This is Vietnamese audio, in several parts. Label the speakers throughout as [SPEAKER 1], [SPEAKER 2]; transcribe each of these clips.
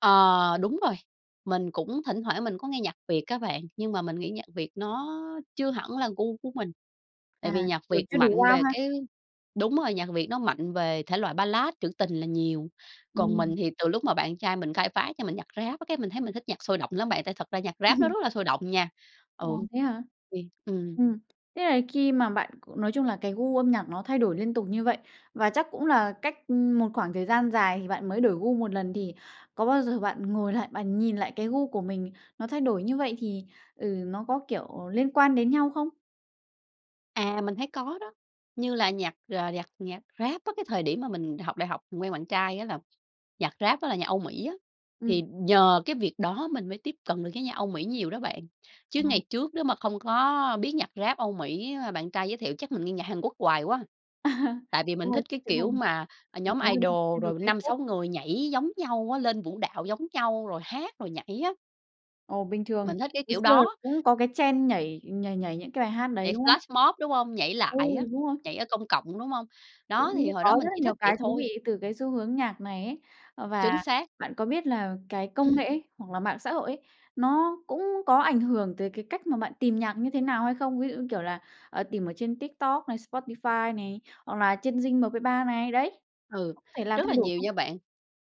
[SPEAKER 1] Ờ, đúng rồi, mình cũng thỉnh thoảng mình có nghe nhạc Việt á bạn, nhưng mà mình nghĩ nhạc Việt nó chưa hẳn là gu của mình. Tại
[SPEAKER 2] À,
[SPEAKER 1] vì nhạc
[SPEAKER 2] kiểu
[SPEAKER 1] Việt
[SPEAKER 2] chưa đủ
[SPEAKER 1] mạnh
[SPEAKER 2] wow
[SPEAKER 1] về
[SPEAKER 2] ha?
[SPEAKER 1] cái đúng rồi, nhạc Việt nó mạnh về thể loại Ballad, trữ tình là nhiều, còn mình
[SPEAKER 2] Ừm.
[SPEAKER 1] thì từ lúc mà bạn trai mình khai phá cho mình nhạc Rap á cái mình thấy mình thích nhạc sôi động lắm bạn, tại thật ra nhạc Rap nó rất là sôi động nha. Ừ,
[SPEAKER 2] Ồ,
[SPEAKER 1] ô
[SPEAKER 2] thế hả?
[SPEAKER 1] kê, ừm.
[SPEAKER 2] Ừm. Thế là khi mà bạn c nói chung là cái gu âm nhạc nó thay đổi liên tục như vậy, và chắc cũng là cách một khoảng thời gian dài thì bạn mới đổi gu một lần, thì có bao giờ bạn ngồi lại, bạn nhìn lại cái gu của mình, nó thay đổi như vậy thì, ừ, nó có, kiểu, liên quan đến nhau không?
[SPEAKER 1] À, mình thấy có đó, như là nhạc, ờ, nhạc nhạc Rap á, cái thời điểm mà mình học đại học mình quen bạn trai á là nhạc Rap á là nhạc Âu Mỹ á,
[SPEAKER 2] Ừm.
[SPEAKER 1] thì nhờ cái việc đó mình mới tiếp cận được với nhạc Âu Mỹ nhiều đó bạn. Chứ
[SPEAKER 2] Ồ.
[SPEAKER 1] ngày trước nếu mà không có biết nhạc Rap Âu Mỹ mà bạn trai giới thiệu chắc mình nghe nhạc Hàn Quốc hoài quá. Tại vì
[SPEAKER 2] Đúng
[SPEAKER 1] mình
[SPEAKER 2] rồi,
[SPEAKER 1] thích
[SPEAKER 2] sẽ
[SPEAKER 1] cái
[SPEAKER 2] trở
[SPEAKER 1] kiểu
[SPEAKER 2] thành
[SPEAKER 1] mà, ờ,
[SPEAKER 2] một
[SPEAKER 1] nhóm
[SPEAKER 2] người hâm
[SPEAKER 1] idol
[SPEAKER 2] idol
[SPEAKER 1] rồi năm
[SPEAKER 2] K-pop
[SPEAKER 1] sáu người nhảy giống nhau á, lên vũ đạo giống nhau rồi hát, rồi nhảy á.
[SPEAKER 2] Ồ, bình thường.
[SPEAKER 1] Mình thích cái
[SPEAKER 2] Hồi
[SPEAKER 1] kiểu
[SPEAKER 2] xưa là
[SPEAKER 1] đó.
[SPEAKER 2] cũng có cái trend nhảy nhảy nhảy những cái bài hát đấy,
[SPEAKER 1] Nhảy
[SPEAKER 2] đúng không?
[SPEAKER 1] flashmob, đúng hông? Nhảy
[SPEAKER 2] Ừ,
[SPEAKER 1] lại á,
[SPEAKER 2] đúng rồi.
[SPEAKER 1] nhảy ở công cộng, đúng hông? Đó,
[SPEAKER 2] Cũng
[SPEAKER 1] thì hồi
[SPEAKER 2] có
[SPEAKER 1] đó mình
[SPEAKER 2] rất là
[SPEAKER 1] chỉ thích
[SPEAKER 2] nhiều
[SPEAKER 1] vậy
[SPEAKER 2] cái thú
[SPEAKER 1] thôi.
[SPEAKER 2] vị từ cái xu hướng nhạc này ấy. Ờ,
[SPEAKER 1] Chính
[SPEAKER 2] và
[SPEAKER 1] xác.
[SPEAKER 2] bạn có biết là cái công nghệ
[SPEAKER 1] Ừm.
[SPEAKER 2] ấy, hoặc là mạng xã hội ấy, nó cũng có ảnh hưởng tới cái cách mà bạn tìm nhạc như thế nào hay không? Ví dụ như, kiểu là, tìm ở trên TikTok này, Spotify này, hoặc là trên Zing MP3 này, đấy,
[SPEAKER 1] Ừ,
[SPEAKER 2] có thể làm
[SPEAKER 1] rất là
[SPEAKER 2] thay đổi
[SPEAKER 1] nhiều
[SPEAKER 2] không?
[SPEAKER 1] nha bạn.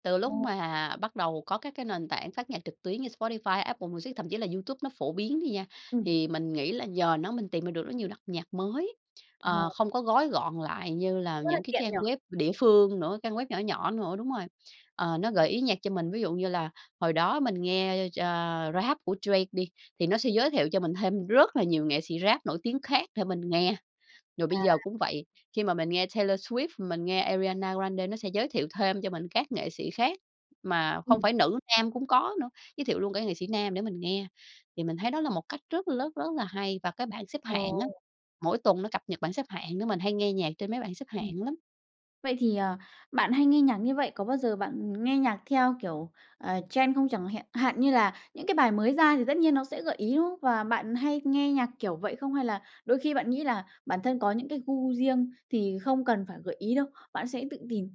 [SPEAKER 1] Từ lúc
[SPEAKER 2] Ồ.
[SPEAKER 1] mà bắt đầu có các cái nền tảng phát nhạc trực tuyến như Spotify, Apple Music, thậm chí là YouTube nó phổ biến đi nha,
[SPEAKER 2] Ừm.
[SPEAKER 1] thì mình nghĩ là nhờ nó mình tìm ra được rất nhiều đặc nhạc mới, ờ,
[SPEAKER 2] Ồ.
[SPEAKER 1] không có gói gọn lại như là
[SPEAKER 2] Rất là
[SPEAKER 1] những cái
[SPEAKER 2] tiện
[SPEAKER 1] trang
[SPEAKER 2] nhỉ?
[SPEAKER 1] web địa phương nữa, trang web nhỏ nhỏ nữa đúng rồi. Ờ, nó gợi ý nhạc cho mình, ví dụ như là hồi đó mình nghe, ơ, ch Rap của Drake đi, thì nó sẽ giới thiệu cho mình thêm rất là nhiều nghệ sĩ Rap nổi tiếng khác để mình nghe. Rồi bây
[SPEAKER 2] À.
[SPEAKER 1] giờ cũng vậy. Khi mà mình nghe Taylor Swift, mình nghe Ariana Grande nó sẽ giới thiệu thêm cho mình các nghệ sĩ khác, mà không
[SPEAKER 2] Ừm.
[SPEAKER 1] phải nữ, nam cũng có nữa, giới thiệu luôn cái nghệ sĩ nam để mình nghe. Thì mình thấy đó là một cách rất rất- rất là hay. Và cái bảng xếp
[SPEAKER 2] Ờ.
[SPEAKER 1] hạng á, mỗi tuần nó cập nhật bảng xếp hạng nữa, mình hay nghe nhạc trên mấy bảng xếp
[SPEAKER 2] Ừm.
[SPEAKER 1] hạng lắm.
[SPEAKER 2] Vậy thì, ờ, bạn hay nghe nhạc như vậy, có bao giờ bạn nghe nhạc theo, kiểu, ờ, trend không? Chẳng hẹn hạn như là những cái bài mới ra thì tất nhiên nó sẽ gợi ý, đúng không? Và bạn hay nghe nhạc kiểu vậy không, hay là đôi khi bạn nghĩ là bản thân có những cái gu riêng thì không cần phải gợi ý đâu, bạn sẽ tự tìm?